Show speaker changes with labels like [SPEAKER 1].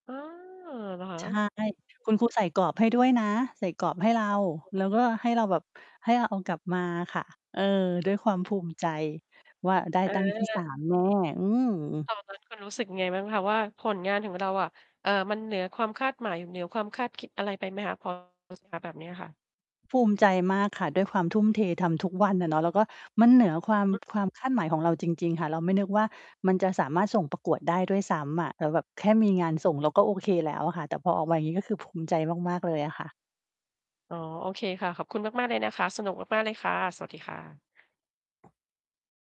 [SPEAKER 1] อา เหรอคะ?
[SPEAKER 2] ใช่ คุณครูใส่กรอบให้ด้วยนะ ใส่กรอบให้เรา แล้วก็ให้เราแบบ ให้เราเอากลับมาค่ะ เออ ด้วยความภูมิใจว่า ได้
[SPEAKER 1] เ
[SPEAKER 2] ตั้งที่ ส
[SPEAKER 1] ออ
[SPEAKER 2] าม แน่ะ อืม
[SPEAKER 1] ตอนนั้นคุณรู้สึกยังไงบ้างคะว่า ผลงานของเราอะ เอ่อ มันเหนือความคาดหมาย อยู่เหนือความคาดคิดอะไรไปไหมคะ? พอ แบบเนี้ยค่ะ
[SPEAKER 2] ภูมิใจมากค่ะ ด้วยความทุ่มเท ทำทุกวันอะเนาะ แล้วก็มันเหนือ ความ
[SPEAKER 1] อือ
[SPEAKER 2] ค
[SPEAKER 1] ฮ
[SPEAKER 2] ว
[SPEAKER 1] ึ
[SPEAKER 2] ามคาดหมายของเราจริง ๆ ค่ะ เราไม่นึกว่า มันจะสามารถส่งประกวดได้ด้วยซ้ำอะ แล้วแบบแค่มีงานส่ง เราก็โอเคแล้วอะค่ะ แต่พอออกมาอย่างงี้ ก็คือภูมิใจมาก ๆ เลยอะค่ะ
[SPEAKER 1] อ๋อ โอเคค่ะ ขอบคุณมาก ๆ เลยนะคะ สนุกมาก ๆ เลยค่ะ สวัสดีค่ะ